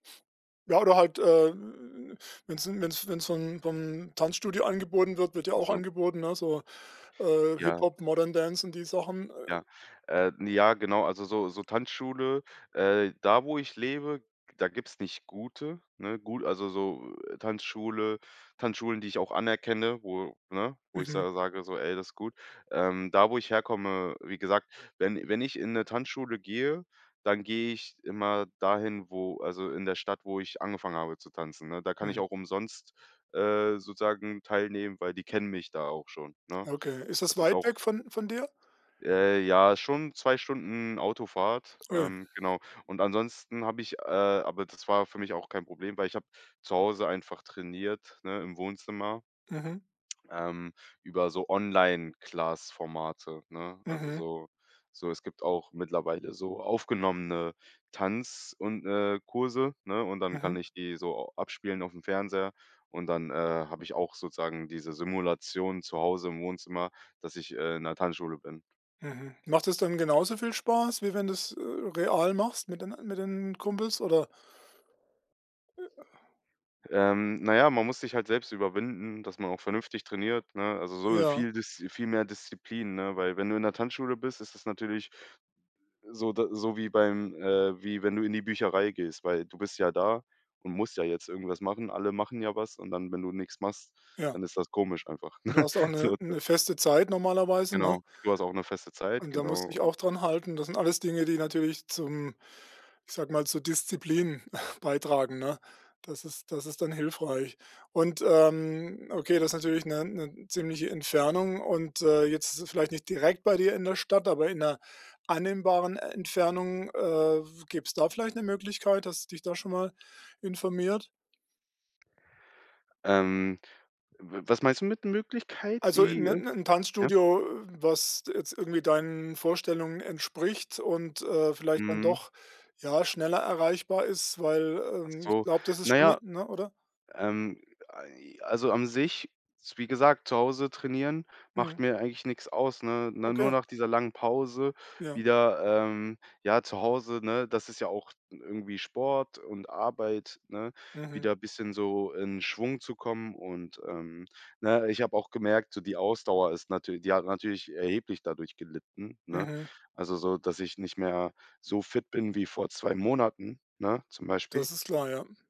Ja, oder halt, äh, wenn's 'n wenn's wenn's vom vom Tanzstudio angeboten wird wird ja Ach auch so. angeboten, ne, so, äh, Ja. Hip-Hop, Modern Dance und die Sachen, äh. Ja, äh, ja, genau, also so so Tanzschule äh, da, wo ich lebe, da gibt's nicht gute, ne? Gut, also, so Tanzschule Tanzschulen, die ich auch anerkenne, wo, ne, wo ich Mhm. sa sage so: „Ey, das ist gut.“ Ähm, da, wo ich herkomme wie gesagt, wenn wenn ich in 'ne Tanzschule gehe, dann gehe ich immer dahin, wo also in der Stadt, wo ich angefangen habe zu tanzen, ne? Da kann ich Mhm. auch umsonst, äh, sozusagen teilnehmen, weil die kennen mich da auch schon, ne? Okay, ist das Das ist weit auch weg von von dir? Äh, ja, schon 2 Stunden Autofahrt, Ui. ähm, genau. Und ansonsten habe ich äh, aber das war für mich auch kein Problem, weil ich habe zu Hause einfach trainiert, ne, im Wohnzimmer Mhm. ähm, über so Online-Class-Formate, ne, also Mhm. so so es gibt auch mittlerweile so aufgenommene Tanz und, äh, Kurse, ne, und dann Mhm. kann ich die so abspielen aufm Fernseher und dann, äh, habe ich auch sozusagen diese Simulation zu Hause im Wohnzimmer, dass ich, äh, in 'ner Tanzschule bin. Mhm. Macht es dann genauso viel Spaß, wie wenn du's, äh, real machst mit den a mit den Kumpels oder Ähm, na ja, man muss sich halt selbst überwinden, dass man auch vernünftig trainiert, ne? Also, so Ja. viel Diszi viel mehr Disziplin, ne, weil wenn du in 'ner Tanzschule bist, ist es natürlich so da so wie beim äh, wie wenn du in die Bücherei gehst, weil du bist ja da und musst ja jetzt irgendwas machen. Alle machen ja was und dann, wenn du nix machst, Ja. dann ist das komisch einfach. Du hast auch 'ne So ist das. 'ne feste Zeit normalerweise, ne? Genau, du hast auch 'ne feste Zeit, Und da genau. musst dich Und auch daran halten. Das sind alles Dinge, die natürlich zum ich sage mal, zur Disziplin beitragen, ne? Das ist das ist dann hilfreich. Und, ähm, okay, das ist natürlich 'ne 'ne ziemliche Entfernung, und, äh, jetzt ist es vielleicht nicht direkt bei dir in der Stadt aber in 'ner annehmbaren Entfernung, äh, w gäbe es da vielleicht 'ne Möglichkeit, hast du dich da schon mal informiert? Ähm, w was meinst du mit Möglichkeit, Also, in die,? 'n [unintelligible] 'n Ja. Tanzstudio, was jetzt irgendwie deinen Vorstellungen entspricht und, äh, vielleicht dann Mhm. doch, ja, schneller erreichbar ist, weil, Ach ähm, ich so, glaube, das ist na schon, ja, [unintelligible] oder? ähm, ei also an sich, s wie gesagt, zu Hause trainieren macht Mhm. mir eigentlich nix aus, ne? Ne, nur Okay. nach dieser langen Pause Ja. wieder, ähm ja, zu Hause, ne, das ist ja auch n irgendwie Sport und Arbeit, ne, Mhm. wieder bisschen so in Schwung zu kommen und, ähm ne, ich habe auch gemerkt, so die Ausdauer ist natür die hat natürlich erheblich dadurch gelitten, ne? Mhm. Also so, dass ich nicht mehr so fit bin wie vor 2 Monaten, ne, zum Beispiel. Das ist klar, ja.